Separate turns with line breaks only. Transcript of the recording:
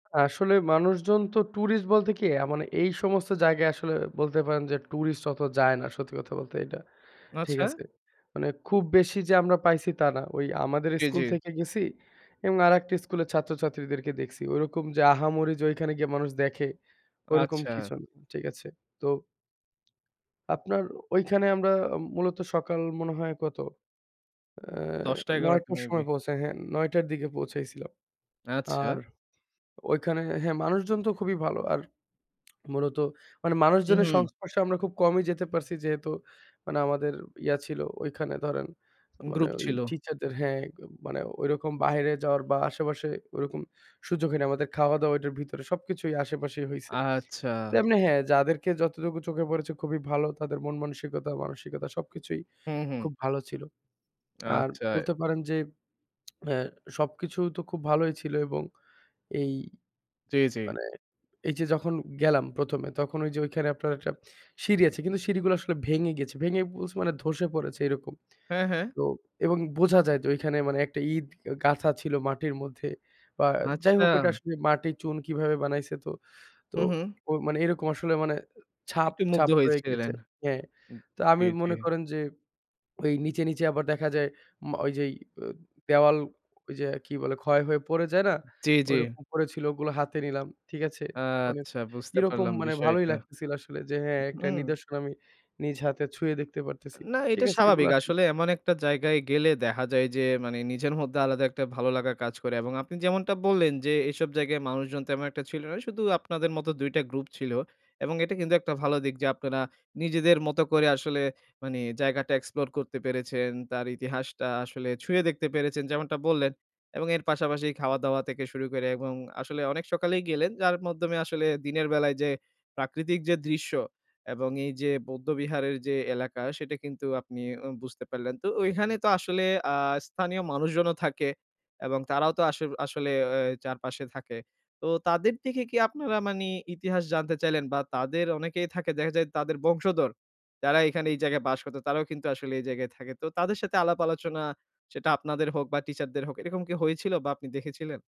আসলে মানুষজন তো ট্যুরিস্ট বলতে কি অ্যা মানে এই সমস্ত জায়গায় আসলে বলতে পারেন যে ট্যুরিস্ট অত যায় না সত্যি কথা বলতে এটা ঠিক
আচ্ছা।
আছে? মানে খুব বেশি যে আমরা পাইছি তা না ওই আমাদের
জি, জি।
স্কুল থেকে গেছি এবং আরেকটি স্কুলের ছাত্রছাত্রীদেরকে দেখছি ওরকম যে আহামরি যে ওইখানে গিয়া মানুষ দেখে ওরকম
আচ্ছা।
কিছু না ঠিক আছে তো। আপনার ঐখানে আমরা মূলত সকাল মনে হয় কত? অ্যা
১০ টা ১১
৯
টা
টার
মেবি।
সময় পৌঁছায়, হ্যাঁ ৯ টার দিকে পৌঁছাইছিলাম। আর
আচ্ছা।
ঐখানে হ্যাঁ মানুষজন তো খুবই ভালো। আর মূলত মানে
উঁ,
মানুষজনের
হু।
সংস্পর্শে আমরা খুব কমই যেতে পারছি। যেহেতু মানে আমাদের ইয়া ছিল ঐখানে ধরেন মানে
গ্রুপ
ওই
ছিল।
টিচারদের হ্যাঁ মানে ঐরকম বাইরে যাওয়ার বা আশেপাশে ওরকম সুযোগ হয়নি। আমাদের খাওয়া-দাওয়া ওইটার ভিতরে সবকিছুই আশেপাশেই হইছে।
আচ্ছা।
তেমনি হ্যাঁ যাদেরকে যতটুকু চোখে পড়েছে খুবই ভালো তাদের মন মানসিকতা মানসিকতা সবকিছুই
হম, হম।
খুব ভালো ছিল। আর
আচ্ছা।
বলতে পারেন যে অ্যা সবকিছু তো খুব ভালোই ছিল এবং এই
জি, জি।
মানে এই যে যখন গেলাম ১ম এ তখন ওই যে ওইখানে আপনার একটা সিঁড়ি আছে। কিন্তু সিঁড়িগুলা আসলে ভেঙে গেছে। ভেঙে বলছি মানে ধসে পড়েছে এইরকম।
হ্যাঁ, হ্যাঁ।
তো এবং বোঝা যায় তো ওইখানে মানে একটা ইট গাথা ছিল মাটির মধ্যে। বা যাই হোক এটা
আচ্ছা।
আসলে মাটির চুন কীভাবে বানাইছে তো, তো,
হু, হু।
ওই মানে এরকম আসলে মানে ছাপ,
একটু মুগ্ধ
ছাপ, রয়ে গিয়েছে।
হয়েছিলেন
হ্যাঁ
উ,
তো আমি
জি, জি।
মনে করেন যে ওই নিচে, নিচে, আবার দেখা যায় মা ওইযেই অ দেওয়াল ওইযে কি বলে? ক্ষয় হয়ে পড়ে যায় না?
জি, জি।
ঐরকম পড়েছিল ওগুলা হাতে নিলাম ঠিক আছে? মানে
আচ্ছা, বুঝতে
কিরকম
পারলাম
মানে ভালোই
বিষয়টা।
লাগতেছিল আসলে যে,
উ,
হ্যাঁ একটা
হুম।
নিদর্শন আমি নিজ হাতে ছুঁয়ে দেখতে পারতেছি।
না
ঠিক
এটা
আছে?
স্বাভাবিক।
এগুলা আসলে
আসলে এমন একটা জায়গায় গেলে দেখা যায় যে, মানে নিজের মধ্যে আলাদা একটা ভালো লাগার কাজ করে। এবং আপনি যেমনটা বললেন যে, এসব জায়গায় মানুষজন তেমন একটা ছিল না শুধু আপনাদের মতো ২ টা গ্রুপ ছিল। এবং এটা কিন্তু একটা ভালো দিক যে আপনারা নিজেদের মতো করে আসলে মানে জায়গাটা এক্সপ্লোর করতে পেরেছেন, তার ইতিহাসটা আসলে ছুঁয়ে দেখতে পেরেছেন যেমনটা বললেন। এবং এর পাশাপাশি খাওয়া-দাওয়া থেকে শুরু করে এবং আসলে অনেক সকালেই গেলেন যার মাধ্যমে আসলে দিনের বেলায় যে প্রাকৃতিক যে দৃশ্য এবং এই যে বৌদ্ধ বিহারের যে এলাকা সেটা কিন্তু আপনি উ বুঝতে পারলেন। তো ঐখানে তো আসলে আ স্থানীয় মানুষজনও থাকে এবং তারাও তো আস আসলে অ্যা চারপাশে থাকে। তো তাদের দেখে কি আপনারা মানে ইতিহাস জানতে চাইলেন? বা তাদের অনেকেই থাকে দেখা যায় তাদের বংশধর যারা এখানে এই জায়গায় বাস করতো তারাও কিন্তু আসলে এই জায়গায় থাকে। তো তাদের সাথে আলাপ-আলোচনা সেটা আপনাদের হোক বা টিচার দের হোক এরকম কি হয়েছিল? বা আপনি দেখেছিলেন?